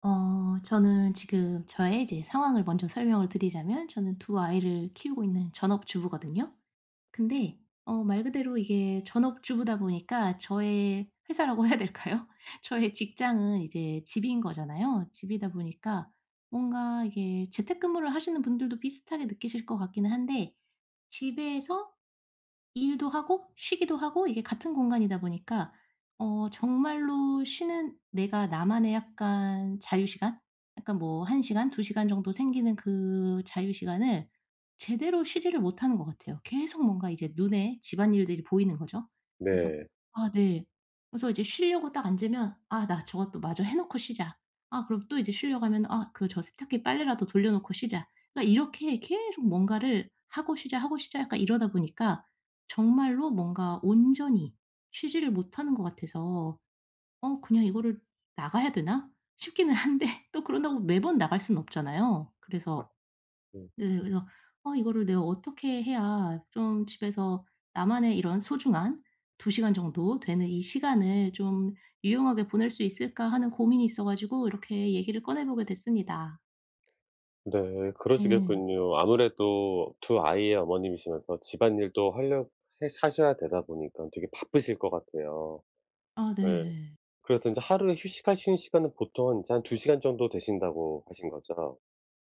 어 저는 지금 저의 이제 상황을 먼저 설명을 드리자면 저는 2 아이를 키우고 있는 전업주부거든요. 근데 어 말 그대로 이게 전업주부다 보니까 저의 회사라고 해야 될까요? 저의 직장은 이제 집인 거잖아요. 집이다 보니까 뭔가 이게 재택근무를 하시는 분들도 비슷하게 느끼실 것 같기는 한데 집에서 일도 하고 쉬기도 하고 이게 같은 공간이다 보니까 어 정말로 쉬는 내가 나만의 약간 자유 시간? 약간 뭐 1 시간, 2 시간 정도 생기는 그 자유 시간을 제대로 쉬지를 못하는 것 같아요. 계속 뭔가 이제 눈에 집안일들이 보이는 거죠. 그래서 네. 아 네. 그래서 이제 쉬려고 딱 앉으면 '아 나 저것도 마저 해 놓고 쉬자.' 아 그리고 또 이제 쉬려고 하면 '아 그 저 세탁기 빨래라도 돌려놓고 쉬자.' 그러니까 이렇게 계속 뭔가를 '하고 쉬자. 하고 쉬자.' 약간 이러다 보니까 정말로 뭔가 온전히 쉬지를 못하는 것 같아서 '어 그냥 이거를 나가야 되나?' 싶기는 한데 또 그런다고 매번 나갈 순 없잖아요. 그래서 음. 네 그래서 '아 이거를 내가 어떻게 해야 좀 집에서 나만의 이런 소중한 2 시간 정도 되는 이 시간을 좀 유용하게 보낼 수 있을까?' 하는 고민이 있어 가지고 이렇게 얘기를 꺼내보게 됐습니다. 네 네. 그러시겠군요. 아무래도 2 아이의 어머님이시면서 집안일도 할려 해 하셔야 되다 보니까 되게 바쁘실 것 같아요. 아 네. 네. 그래서 인제 하루에 휴식하시는 시간은 보통 인제 한 2 시간 정도 되신다고 하신 거죠?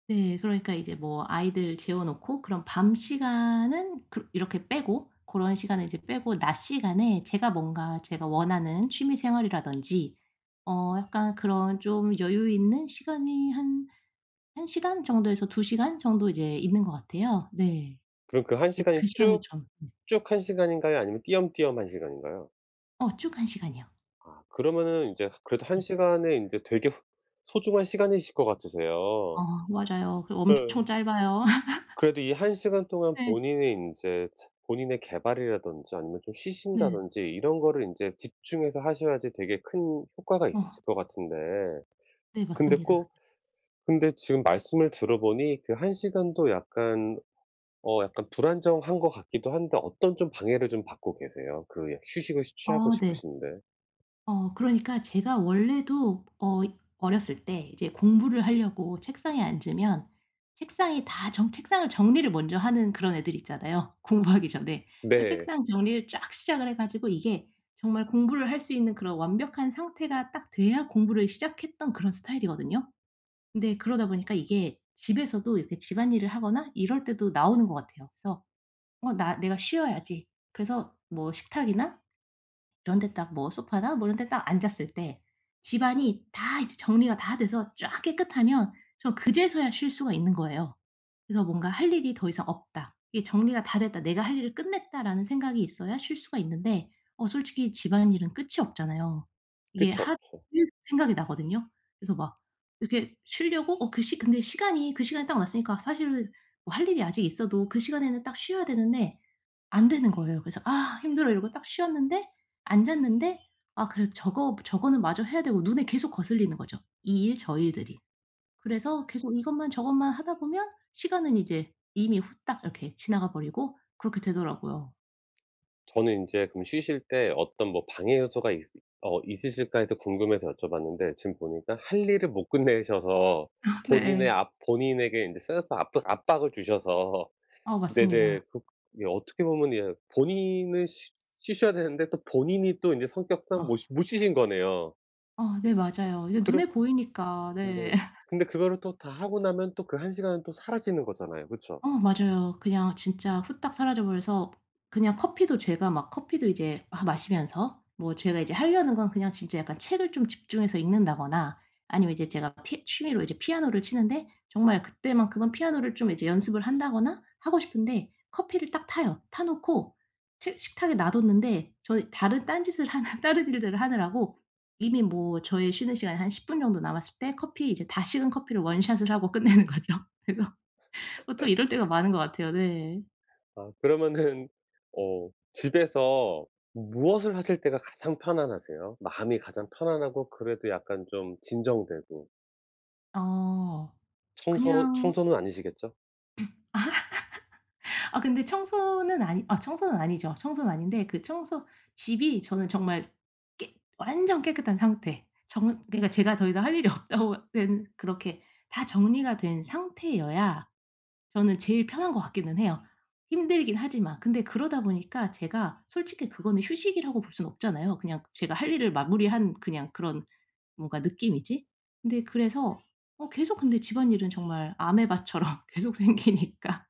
네. 그러니까 이제 뭐 아이들 재워 놓고 그럼 밤 시간은 그렇 이렇게 빼고 고런 시간은 이제 빼고 낮 시간에 제가 뭔가 제가 원하는 취미 생활이라든지 어 약간 그런 좀 여유 있는 시간이 한 1 시간 정도에서 2 시간 정도 이제 있는 것 같아요. 네. 그럼 그 1 네 시간이 그 시간을 쭉 좀 쭉 한 시간인가요? 아니면 띄엄띄엄 1 시간인가요? 어 쭉 1 시간이요. 아 그러면은 인제 그래도 1 예. 시간에 인제 되게 후 소중한 시간이실 것 어 같으세요. 맞아요. 그리고 엄청 짧아요. 그래도 이 1 시간 동안 네. 본인이 인제 체 본인의 개발이라든지 아니면 좀 네. 쉬신다든지 이런 거를 인제 집중해서 하셔야지 되게 큰 효과가 어. 있으실 것 같은데 네 근데 맞습니다. 꼭 근데 지금 말씀을 들어 보니 그 1 시간도 약간 어 약간 불안정한 것 같기도 한데 어떤 좀 방해를 받고 계세요 그 여 휴식을 쉬 취하고 아 네. 싶으신데? 어 그러니까 제가 원래도 어 어렸을 때 이제 공부를 하려고 책상에 앉으면 책상이 다 전 책상을 정리를 먼저 하는 그런 애들 있잖아요, 공부하기 전에. 그 네. 책상 정리를 쫙 시작을 해 가지고 이게 정말 공부를 할 수 있는 그런 완벽한 상태가 딱 돼야 공부를 시작했던 그런 스타일이거든요. 근데 그러다 보니까 이게 집에서도 이렇게 집안일을 하거나 이럴 때도 나오는 것 같아요. 그래서 '어 나 내가 쉬어야지.' 그래서 뭐 식탁이나 이런 데 딱 뭐 소파나 뭐 이런 데 딱 앉았을 때 집안이 다 이제 정리가 다 돼서 쫙 깨끗하면 전 그제서야 쉴 수가 있는 거예요. 그래서 뭔가 '할 일이 더 이상 없다. 이게 정리가 다 됐다. 내가 할 일을 끝냈다.'라는 생각이 있어야 쉴 수가 있는데 어 솔직히 집안일은 끝이 없잖아요. 이게 그쵸. 할 일 생각이 나거든요? 그래서 막 이렇게 쉬려고 어 그 시 근데 시간이 그 시간이 딱 왔으니까 사실 뭐 할 일이 아직 있어도 그 시간에는 딱 쉬어야 되는데 안 되는 거예요. 그래서 "아 힘들어." 이러고 딱 쉬었는데 앉았는데 아 그래도 저거 저거는 마저 해야 되고 눈에 계속 거슬리는 거죠, 이 일 저 일들이. 그래서 계속 이것만 저것만 하다 보면 시간은 이제 이미 후딱 이렇게 지나가 버리고 그렇게 되더라고요. 저는 인제 그럼 쉬실 때 어떤 뭐 '방해 요소가 있을 어 있으실까?' 해서 궁금해서 여쭤봤는데 지금 보니까 할 일을 못 끝내셔서 본인의 네. 압 본인에게 인제 쌓였던 압도 압박을 주셔서 어 네네. 맞습니다. 그 예. 어떻게 보면 예 본인이 쉬 쉬셔야 되는데 또 본인이 또 인제 성격상 못 어. 쉬 못 쉬신 거네요. 어 네 맞아요. 이게 그러 눈에 보이니까. 네. 네. 근데 그거를 또 다 하고 나면 또 그 1 시간은 또 사라지는 거잖아요. 그쵸? 어 맞아요. 그냥 진짜 후딱 사라져 버려서 그냥 커피도 제가 막 커피도 이제 아 마시면서 뭐 제가 이제 하려는 건 그냥 진짜 약간 책을 좀 집중해서 읽는다거나 아니면 이제 제가 피 취미로 이제 피아노를 치는데 정말 그때만큼은 피아노를 좀 이제 연습을 한다거나 하고 싶은데 커피를 딱 타요. 타 놓고 식 식탁에 놔 뒀는데 저는 다른 딴 짓을 하는 다른 일들을 하느라고 이미 뭐 저의 쉬는 시간이 한 10 분 정도 남았을 때 커피 이제 다 식은 커피를 원샷을 하고 끝내는 거죠. 그래서 보통 이럴 때가 많은 것 같아요. 네. 아 그러면은 어 집에서 무엇을 하실 때가 가장 편안하세요? 마음이 가장 편안하고 그래도 약간 좀 진정되고. 어 청소 그냥 청소는 아니시겠죠? 아 근데 청소는 아니 아 청소는 아니죠. 청소는 아닌데 그 청소 집이 저는 정말 깨 완전 깨끗한 상태 정말 그러니까 제가 더 이상 할 일이 없다고 된 그렇게 다 정리가 된 상태여야 저는 제일 편한 것 같기는 해요, 힘들긴 하지만. 근데 그러다 보니까 제가 솔직히 그거는 휴식이라고 볼 순 없잖아요. 그냥 제가 할 일을 마무리한 그냥 그런 뭔가 느낌이지. 근데 그래서 어 계속 근데 집안일은 정말 아메바처럼 계속 생기니까.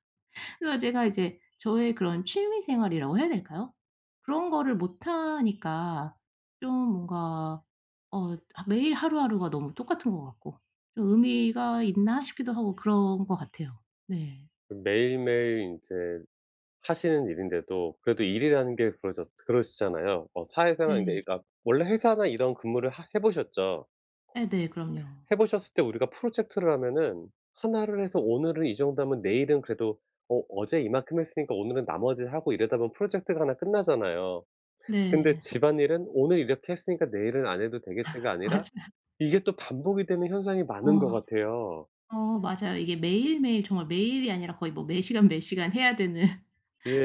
그래서 제가 이제 저의 그런 취미 생활이라고 해야 될까요? 그런 거를 못 하니까 좀 '뭔가 어 하 매일 하루하루가 너무 똑같은 거 같고 좀 의미가 있나?' 싶기도 하고 그런 것 같아요. 네. 매일매일 인제 하시는 일인데도 그래도 일이라는 게 그러졌 그러시잖아요. 어 사회생활인데 네. 그러니까 원래 회사나 이런 근무를 하 해 보셨죠? 예 네. 그럼요. 해 보셨을 때 우리가 프로젝트를 하면은 1 를 해서 오늘은 이 정도 하면 내일은 그래도 '어 어제 이만큼 했으니까 오늘은 나머지 하고.' 이러다 보면 프로젝트가 1 끝나잖아요. 근데 네. '집안일은 오늘 이렇게 했으니까 내일은 안 해도 되겠지.'가 아니라 맞아요. 이게 또 반복이 되는 현상이 많은 거 아 같아요. 어 맞아요. 이게 매일매일 정말 매일이 아니라 거의 뭐 매 시간, 매 시간 해야 되는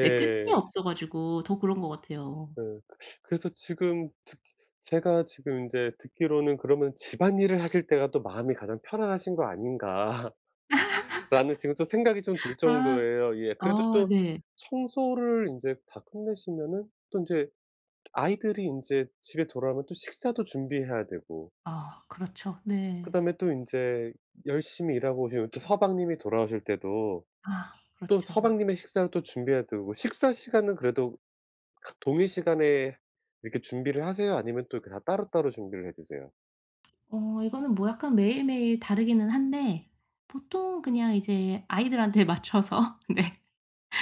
네 끝이 없어 가지고 더 그런 것 같아요. 어 그래서 지금 듣 제가 지금 인제 듣기로는 '그러면 집안일을 하실 때가 또 마음이 가장 편안하신 거 아닌가?' 라는 지금 또 생각이 좀 들 아 정도예요 이게. 그래도 어 또 네. 청소를 인제 다 끝내시면은 또 인제 아이들이 인제 집에 돌아오면 또 식사도 준비해야 되고 아 그렇죠. 네. 그다음에 또 인제 열심히 일하고 오신 우리 또 서방님이 돌아오실 때도 아 또 그렇죠. 서방님의 식사를 또 준비해야 되고 식사 시간은 그래도 같 동일 시간에 이렇게 준비를 하세요? 아니면 또 이렇게 다 따로따로 준비를 해 두세요? 어 이거는 뭐 약간 매일 매일 다르기는 한데 보통 그냥 이제 아이들한테 맞춰서 네.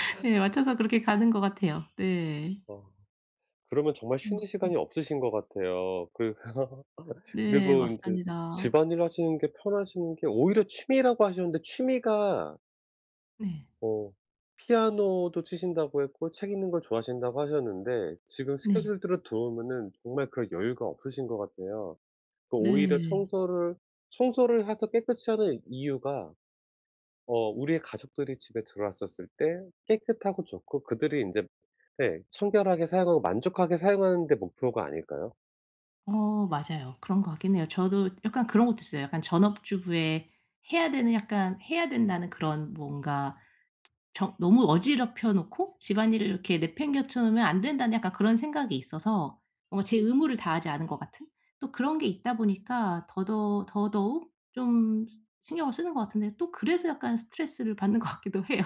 네 맞춰서 그렇게 가는 것 같아요. 네. 어. 그러면 정말 음 쉬는 네. 시간이 없으신 것 같아요. 그 네 그리고 인제 맞습니다. 집안일하시는 게 편하신 게 오히려 취미라고 하셨는데 취미가 네. 뭐 피아노도 치신다고 했고 책 읽는 걸 좋아하신다고 하셨는데 지금 네. 스케줄들을 들어 보면은 정말 그럴 여유가 없으신 거 같아요. 그 오히려 네. 청소를 청소를 해서 깨끗이 하는 이유가 어 우리의 가족들이 집에 들어왔었을 때 깨끗하고 좋고 그들이 인제 네 청결하게 사용하고 만족하게 사용하는 데 목표가 아닐까요? 어 맞아요. 그런 거 같긴 해요. 저도 약간 그런 것도 있어요. 약간 전업주부의 해야 되는 약간 해야 된다는 그런 뭔가 정 '너무 어지럽혀 놓고 집안일을 이렇게 내팽개쳐 놓으면 안 된다.'는 약간 그런 생각이 있어서 뭔가 제 의무를 다하지 않은 것 같은 또 그런 게 있다 보니까 더더 더더욱 좀 시 신경을 쓰는 것 같은데 또 그래서 약간 스트레스를 받는 것 같기도 해요.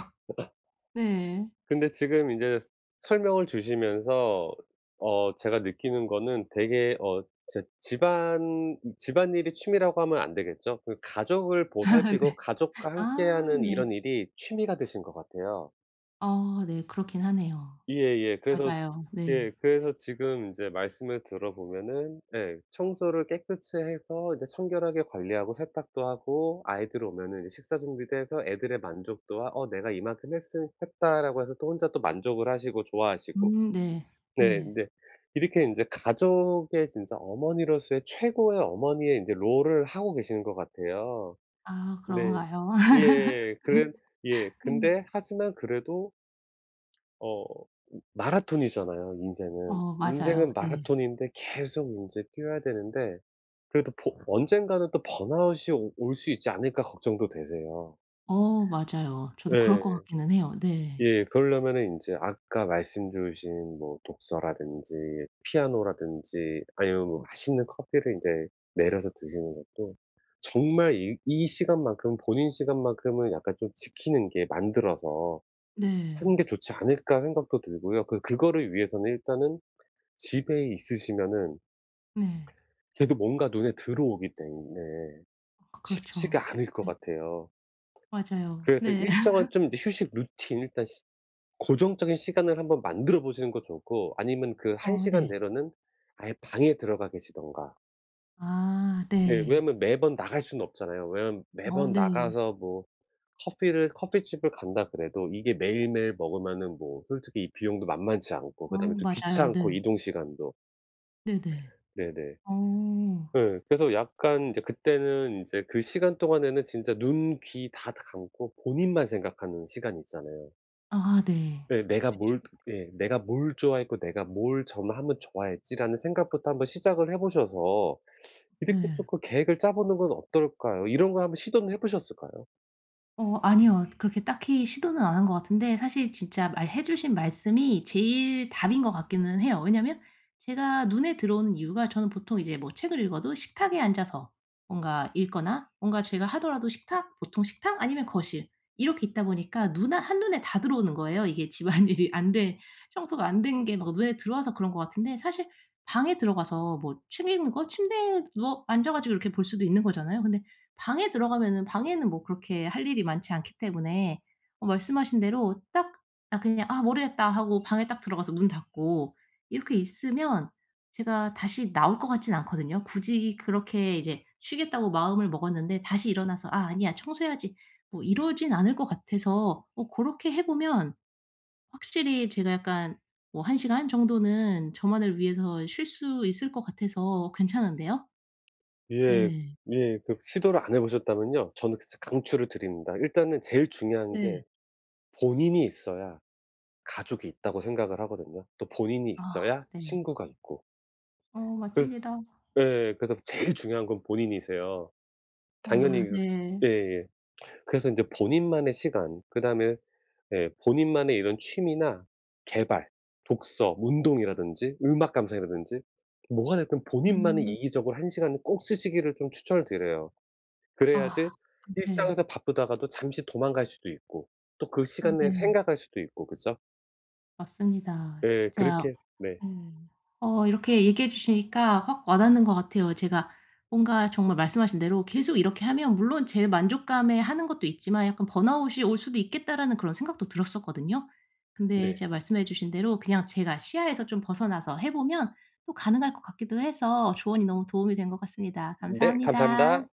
네. 근데 지금 인제 설명을 주시면서 어 제가 느끼는 거는 되게 어 진짜 집안 집안일이 취미라고 하면 안 되겠죠. 그 가족을 네. 보살피고 가족과 아 함께하는 네. 이런 일이 취미가 되신 것 같아요. 아 네. 그렇긴 하네요. 예예. 그래서 맞아요. 네. 예. 그래서 지금 인제 말씀을 들어 보면은 예 청소를 깨끗이 해서 인제 청결하게 관리하고 세탁도 하고 아이들 오면은 이제 식사 준비도 해서 애들의 만족도와 '어 내가 이만큼 했은 했다.'라고 해서 또 혼자 만족을 하시고 좋아하시고. 음 네. 네 네. 근데 이렇게 인제 가족의 진짜 어머니로서의 최고의 어머니의 인제 롤을 하고 계시는 것 같아요. 아 네. 그런가요? 예. 그래 예 네. 근데 하지만 그래도 어 마라톤이잖아요 인생은. 어 맞아요. 인생은 네. 마라톤인데 계속 인제 뛰어야 되는데 그래도 버 언젠가는 또 번아웃이 오 올 수 있지 않을까 걱정도 되세요. 어 맞아요. 저도 그럴 네. 것 같기는 해요. 네. 예 그러려면은 인제 아까 말씀 주신 뭐 독서라든지 피아노라든지 아니면 뭐 맛있는 커피를 인제 내려서 드시는 것도 '정말 이 이 시간 만큼은 본인 시간만큼은 약간 좀 지키는 게 만들어서 하는 네. 게 좋지 않을까?' 생각도 들고요. 그 그거를 위해서는 일단은 집에 있으시면은 네. 계속 뭔가 눈에 들어오기 때문에 그 그렇죠. 쉽지가 않을 것 네. 같아요. 맞아요. 그래서 네. 일정한 좀 이 휴식 루틴 일단 시 고정적인 시간을 한번 만들어 보시는 것도 좋고 아니면 그 1 어 시간 네. 내로는 아예 방에 들어가 계시든가. 아 네 네. 왜냐하면 매번 나갈 순 없잖아요. 왜냐하면 어 매번 네. 나가서 뭐 커피를 커피집을 간다 그래도 이게 매일매일 먹으면은 뭐 솔직히 이 비용도 만만치 않고 어 그다음에 또 맞아요. 귀찮고 네. 이동시간도. 네네. 네네. 어. 그 그래서 약간 인제 그때는 인제 그 시간 동안에는 진짜 눈, 귀 다 다 감고 본인만 생각하는 시간 있잖아요. 아 네. 예 '내가 뭘 예 내가 뭘 좋아했고 내가 뭘 점하면 좋아했지?' 라는 생각부터 한번 시작을 해 보셔서 이렇게 네. 조금 계획을 짜보는 건 어떨까요? 이런 거 한번 시도는 해 보셨을까요? 어 아니요. 그렇게 딱히 시도는 안 한 것 같은데 사실 진짜 말해 주신 말씀이 제일 답인 것 같기는 해요. 왜냐하면 제가 눈에 들어오는 이유가 저는 보통 이제 뭐 책을 읽어도 식탁에 앉아서 뭔가 읽거나 뭔가 제가 하더라도 식탁, 보통 식탁 아니면 거실 이렇게 있다 보니까 눈 아 한눈에 다 들어오는 거예요. 이게 집안일이 안 된 청소가 안 된 게 막 눈에 들어와서 그런 것 같은데 사실 방에 들어가서 뭐 책 읽는 거 침대에 누워 앉아 가지고 이렇게 볼 수도 있는 거잖아요. 근데 방에 들어가면은 방에는 뭐 그렇게 할 일이 많지 않기 때문에 어 말씀하신 대로 딱 '아 그냥 아 모르겠다.' 하고 방에 딱 들어가서 문 닫고 이렇게 있으면 제가 다시 나올 것 같진 않거든요. 굳이 그렇게 이제 쉬겠다고 마음을 먹었는데 다시 일어나서 '아 아니야. 청소해야지.' 뭐 이러진 않을 것 같아서 어 고렇게 해보면 확실히 제가 약간 뭐 1 시간 정도는 저만을 위해서 쉴 수 있을 것 같아서 괜찮은데요? 예. 네. 예. 그 시도를 안 해 보셨다면요 저는 그스 강추를 드립니다. 일단은 제일 중요한 게 네. 본인이 있어야 가족이 있다고 생각을 하거든요, 또 본인이 아 있어야 네. 친구가 있고. 어 그래서 맞습니다. 예 그래서 제일 중요한 건 본인이세요. 당연히 아 그 네. 예예 그래서 인제 본인만의 시간 그다음에 예 본인만의 이런 취미나 계발, 독서, 운동이라든지 음악 감상이라든지 뭐가 됐든 본인만의 음. 이기적으로 1 시간을 꼭 쓰시기를 좀 추천을 드려요. 그래야지 아 네. 일상에서 바쁘다가도 잠시 도망갈 수도 있고 또 그 어 시간 내에 네. 생각할 수도 있고 그죠? 맞습니다. 예 진짜 그렇게 네. 음 어 이렇게 얘기해 주시니까 확 와닿는 것 같아요. 제가 뭔가 정말 말씀하신 대로 계속 이렇게 하면 물론 제 만족감에 하는 것도 있지만 '약간 번아웃이 올 수도 있겠다.'라는 그런 생각도 들었었거든요. 근데 네. 이제 말씀해 주신 대로 그냥 제가 시야에서 좀 벗어나서 해 보면 또 가능할 것 같기도 해서 조언이 너무 도움이 된 것 같습니다. 네. 감사합니다. 감사합니다.